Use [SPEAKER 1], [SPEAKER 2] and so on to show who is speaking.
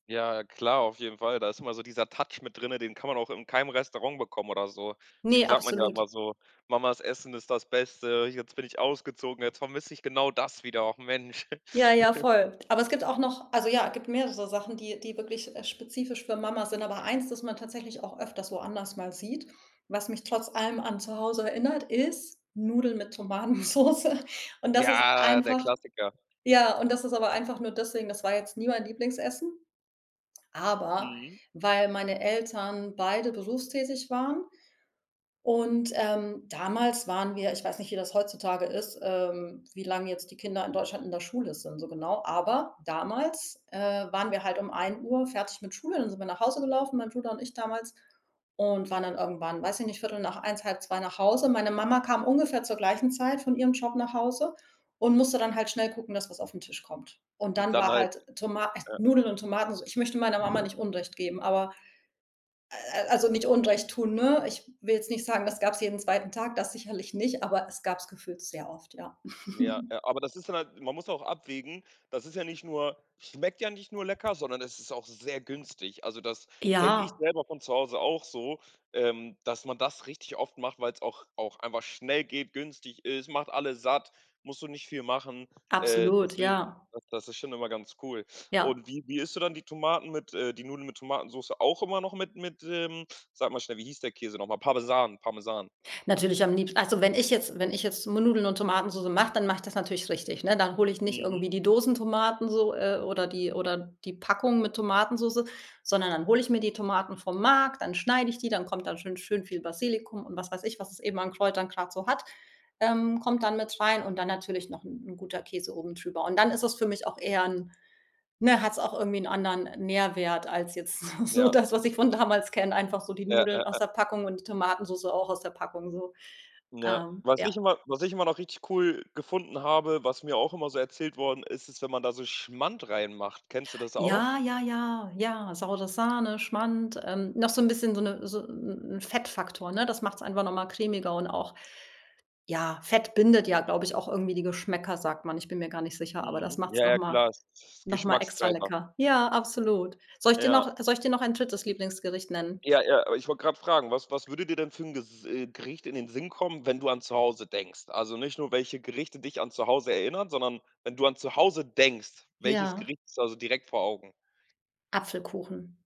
[SPEAKER 1] Ja, klar, auf jeden Fall. Da ist immer so dieser Touch mit drinnen, den kann man auch in keinem Restaurant bekommen oder so. Deswegen
[SPEAKER 2] Ne,
[SPEAKER 1] sagt man ja
[SPEAKER 2] absolut.
[SPEAKER 1] immer so: „Mamas Essen ist das Beste. Jetzt bin ich ausgezogen, jetzt vermisse ich genau das wieder, och Mensch.“
[SPEAKER 2] Ja, ja, voll. Aber es gibt auch noch also, ja, gibt mehrere so Sachen, die die wirklich, äh, spezifisch für Mama sind. Aber eins, das man tatsächlich auch öfters woanders mal sieht, was mich trotz allem an zu Hause erinnert, ist Nudeln mit Tomatensoße. Und das ist
[SPEAKER 1] Ja, der
[SPEAKER 2] einfach
[SPEAKER 1] Klassiker.
[SPEAKER 2] ja, und das ist aber einfach nur deswegen, das war jetzt nie mein Lieblingsessen, aber,
[SPEAKER 1] Mhm.
[SPEAKER 2] weil meine Eltern beide berufstätig waren, und, ähm, damals waren wir ich weiß nicht, wie das heutzutage ist, ähm, wie lange jetzt die Kinder in Deutschland in der Schule sind, so genau. Aber damals, äh, waren wir halt um 13:00 fertig mit Schule, dann sind wir nach Hause gelaufen, mein Bruder und ich damals und waren dann irgendwann weiß ich nicht, 13:15, 13:30 nach Hause. Meine Mama kam ungefähr zur gleichen Zeit von ihrem Job nach Hause und musste dann halt schnell gucken, dass was auf 'n Tisch kommt. Und
[SPEAKER 1] Und
[SPEAKER 2] dann
[SPEAKER 1] dann
[SPEAKER 2] war
[SPEAKER 1] halt
[SPEAKER 2] halt Toma äh,
[SPEAKER 1] Ja.
[SPEAKER 2] Nudeln und Tomatenso ich möchte meiner Mama nicht Unrecht geben, aber, äh, äh, also, nicht Unrecht tun, ne? Ich will jetzt nicht sagen, das gab es jeden zweiten Tag, das sicherlich nicht, aber es gab es gefühlt sehr oft, ja.
[SPEAKER 1] Ja, ja, aber das ist halt man muss auch abwägen, das ist ja nicht nur schmeckt ja nicht nur lecker, sondern es ist auch sehr günstig. Also, das kenne ich
[SPEAKER 2] Ja.
[SPEAKER 1] selber von zu Hause auch so, ähm, dass man das richtig oft macht, weil es auch auch einfach schnell geht, günstig ist, macht alle satt, musst du nicht viel machen. Äh,
[SPEAKER 2] Absolut,
[SPEAKER 1] deswegen,
[SPEAKER 2] ja.
[SPEAKER 1] das das ist schon immer ganz cool.
[SPEAKER 2] Ja.
[SPEAKER 1] Und wie wie isst du dann die Tomaten mit äh, die Nudeln mit Tomatensoße auch immer noch mit mit, ähm, sag mal schnell, wie hieß der Käse noch mal? Parmesan, Parmesan.
[SPEAKER 2] Natürlich am liebsten also, wenn ich jetzt wenn ich jetzt Nudeln und Tomatensoße mache, dann mach ich das natürlich richtig, ne? Dann hole ich nicht
[SPEAKER 1] Mhm.
[SPEAKER 2] irgendwie die Dosentomaten so, äh, oder die oder die Packung mit Tomatensoße, sondern dann hole ich mir die Tomaten vom Markt, dann schneide ich die, dann kommt da schon schön viel Basilikum und was weiß ich, was es eben an Kräutern grad so hat, ähm, kommt dann mit rein und dann natürlich noch 'n guter Käse oben drüber. Und dann ist es für mich auch eher 'n ne, hat es auch irgendwie anderen Nährwert als jetzt so so
[SPEAKER 1] Ja.
[SPEAKER 2] das, was ich von damals kenne, einfach so die
[SPEAKER 1] Ja, ja,
[SPEAKER 2] Nudeln aus
[SPEAKER 1] ja.
[SPEAKER 2] der Packung und die Tomatensoße auch aus der Packung. So,
[SPEAKER 1] Ja.
[SPEAKER 2] ähm,
[SPEAKER 1] Was
[SPEAKER 2] ja.
[SPEAKER 1] ich immer was ich immer noch richtig cool gefunden habe, was mir auch immer so erzählt worden ist, ist wenn man da so Schmand reinmacht. Kennst du das auch?
[SPEAKER 2] Ja, ja, ja, ja. Saure Sahne, Schmand, ähm, noch so 'n bisschen so 'ne so 'n 'n Fettfaktor, ne? Das macht es einfach noch mal cremiger und auch ja, Fett bindet ja, glaube ich, auch irgendwie die Geschmäcker, sagt man. Ich bin mir gar nicht sicher, aber das
[SPEAKER 1] Mhm.
[SPEAKER 2] macht es
[SPEAKER 1] Ja,
[SPEAKER 2] noch
[SPEAKER 1] ja,
[SPEAKER 2] mal
[SPEAKER 1] klar, ist ist
[SPEAKER 2] noch mal extra
[SPEAKER 1] Geschmackstreiber.
[SPEAKER 2] lecker. Ja, absolut. Soll ich dir
[SPEAKER 1] Ja.
[SPEAKER 2] noch soll ich dir noch ein 3. Lieblingsgericht nennen?
[SPEAKER 1] Ja, ja, aber ich wollte gerade fragen, was was würde dir denn für 'n Ges Gericht in den Sinn kommen, wenn du an zu Hause denkst? Also, nicht nur, welche Gerichte dich an zu Hause erinnern, sondern wenn du an zu Hause denkst, welches
[SPEAKER 2] Ja.
[SPEAKER 1] Gericht ist also direkt vor Augen?
[SPEAKER 2] Apfelkuchen.